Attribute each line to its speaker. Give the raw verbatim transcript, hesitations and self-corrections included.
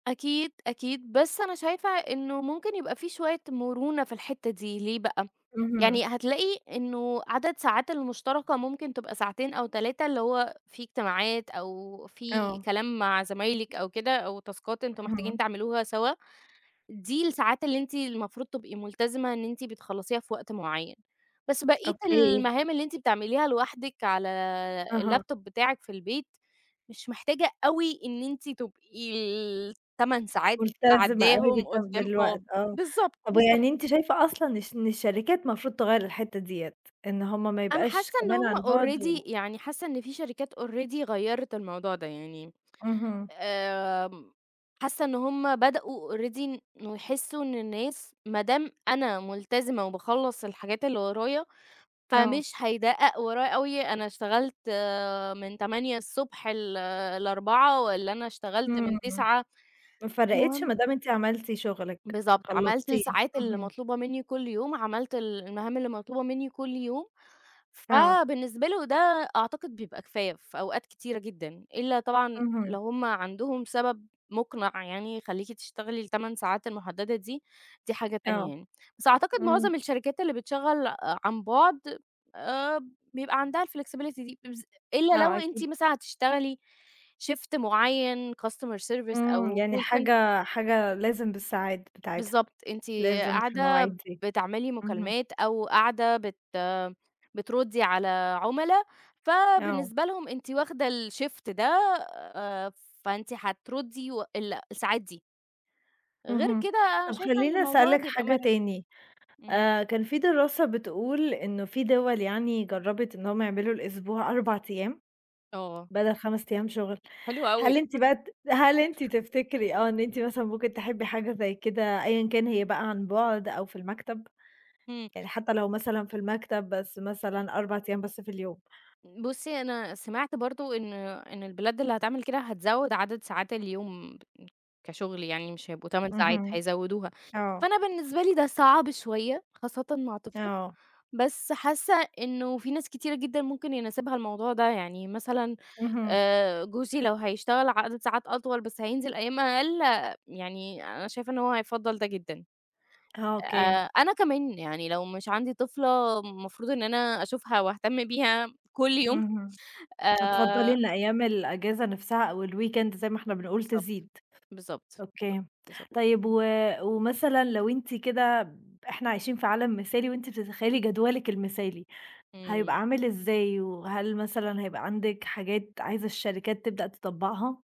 Speaker 1: أكيد، أكيد، بس أنا شايفة إنه ممكن يبقى في شوية مرونة في الحتّة دي، ليه بقى؟
Speaker 2: اهم.
Speaker 1: يعني هتلاقي إنه عدد ساعات المشتركة ممكن تبقى ساعتين أو تلاتة، اللي هو في اجتماعات، أو في
Speaker 2: آه.
Speaker 1: كلام مع زمايلِك أو كده، أو تاسكات أنتم محتاجين
Speaker 2: اهم.
Speaker 1: تعملوها سوا، دي الساعات اللي أنتِ المفروض تبقى ملتزمة إن أنتِ بتخلّصيها في وقت معين، بس بقية
Speaker 2: أوكي.
Speaker 1: المهام اللي أنتِ بتعمليها لوحدِك على
Speaker 2: أها.
Speaker 1: اللابتوب بتاعِك في البيت، مش محتاجة أوي إن أنتِ تبقي التَمَن ساعات
Speaker 2: ملتزمة أوي
Speaker 1: قاعداهم
Speaker 2: [unintelligible]
Speaker 1: قدّام آه،
Speaker 2: بالوقت آه،
Speaker 1: بالضبط،
Speaker 2: طب
Speaker 1: بالضبط.
Speaker 2: ويعني أنتِ شايفة أصلًا إش إن الشركات مفروض تغيّر الحتّة ديّة؟ إن هُم ما
Speaker 1: أنا
Speaker 2: يبقاش
Speaker 1: حاسّة إن
Speaker 2: كمان
Speaker 1: هُم
Speaker 2: عن بُعد
Speaker 1: already
Speaker 2: و
Speaker 1: يعني حاسّة إن في شركات already غيّرت الموضوع ده، يعني
Speaker 2: اهم.
Speaker 1: آمم حاسّة إن هُم بدأوا already إن إنه يحسّوا إن الناس، ما دام أنا ملتزمة وباخلّص الحاجات اللي ورايا،
Speaker 2: آه.
Speaker 1: فمش هيدقّق ورايا أوي أنا اشتغلت آآ من تمانية الصبح ل لأربعة، والّا أنا اشتغلت من
Speaker 2: إمم،
Speaker 1: 09:00،
Speaker 2: ما فرقتش
Speaker 1: المهم
Speaker 2: مادام أنتِ عملتِ شغلِك،
Speaker 1: بالضبط، عملت
Speaker 2: خلصتيه،
Speaker 1: الساعات اللي
Speaker 2: اهم.
Speaker 1: مطلوبة مني كلّ يوم، عملت ال المهام اللي مطلوبة مني كلّ يوم.
Speaker 2: آه.
Speaker 1: فبالنسبة له ده أعتقد بيبقى كفاية في أوقات كتيرة جدًا، إلا طبعًا
Speaker 2: اهم.
Speaker 1: لو هُم عندهم سبب مقنع يعني يخلّيكِ تشتغلي التَمَن ساعات المحدّدة دي، دي حاجة تانية
Speaker 2: آه،
Speaker 1: يعني. بس أعتقد
Speaker 2: إمم.
Speaker 1: معظم الشركات اللي بتشغّل ع عن بُعد، آآ بيبقى عندها الflexibility دي، إبز إلا لو
Speaker 2: آه
Speaker 1: أنتِ
Speaker 2: أكيد.
Speaker 1: مثلًا هتشتغلي شيفت معيّن customer service
Speaker 2: إمم،
Speaker 1: أو
Speaker 2: يعني
Speaker 1: call center
Speaker 2: حاجة حاجة لازم بالساعات بتاعتها،
Speaker 1: بالضبط، أنتِ
Speaker 2: لازم في
Speaker 1: قاعدة
Speaker 2: المواعيد دي،
Speaker 1: بتعملي
Speaker 2: اهم.
Speaker 1: مكالمات أو قاعدة بت بتردّي على عملا،
Speaker 2: آه.
Speaker 1: فبالنسبة لهم أنتِ واخدة الشيفت ده، آآ فأنتِ هتردي وال الساعات دي غير
Speaker 2: اهم،
Speaker 1: كده أنا
Speaker 2: طب
Speaker 1: شايفة إن
Speaker 2: خلّيني
Speaker 1: الموضوع
Speaker 2: أسألِك
Speaker 1: بيبقى
Speaker 2: حاجة
Speaker 1: مرن،
Speaker 2: تاني،
Speaker 1: إمم.
Speaker 2: آآ كان في دراسة بتقول إنه في دوَل يعني جرّبت إنهم يعملوا الأسبوع أربع أيام،
Speaker 1: آه.
Speaker 2: بدل خمَس أيام شغل،
Speaker 1: حلو أوي.
Speaker 2: هل أنتِ بقى ت هل أنتِ تفتكري آه إن أنتِ مثلًا ممكن تحبي حاجة زي كده، أيًا كان هي بقى عن بُعد أو في المكتب؟
Speaker 1: امم.
Speaker 2: يعني حتّى لو مثلًا في المكتب بس مثلًا أربع أيام بس في اليوم؟
Speaker 1: بُصّي أنا سمعت برضو إن إن البلاد اللي هتعمل كده هتزوّد عدد ساعات اليوم، كشغل يعني مش هيبقوا تَمَن ساعات،
Speaker 2: اهم،
Speaker 1: هيزوّدوها،
Speaker 2: آه.
Speaker 1: فأنا بالنسبة لي ده صعب شوية خاصّةً مع طفلة،
Speaker 2: آه.
Speaker 1: بس حاسّة إنه في ناس كتيرة جدًا ممكن يناسبها الموضوع ده، يعني مثلًا
Speaker 2: اهم.
Speaker 1: آآ جوزي لو هيشتغل عدد ساعات أطول بس هينزل أيام أقل يعني أنا شايفة إن هو هيفضّل ده جدًا،
Speaker 2: آه، أوكي.
Speaker 1: آآ أنا كمان يعني لو مش عندي طفلة المفروض إن أنا أشوفها وأهتم بيها كلّ يوم،
Speaker 2: اهم، هتفضّلي
Speaker 1: آآ
Speaker 2: إن أيام الإجازة نفْسها أو الweekend زي ما إحنا بنقول
Speaker 1: بالضبط،
Speaker 2: تزيد.
Speaker 1: بالضبط، بالضبط،
Speaker 2: أوكي،
Speaker 1: بالضبط.
Speaker 2: طيب و ومثلًا لو أنتِ كده ب إحنا عايشين في عالم مثالي، وأنتِ بتتخيّلي جدولِك المثالي، هيبقى
Speaker 1: إمم.
Speaker 2: عامل إزاي؟ وهل مثلًا هيبقى عندِك حاجات عايزة الشركات تبدأ تطبّقها؟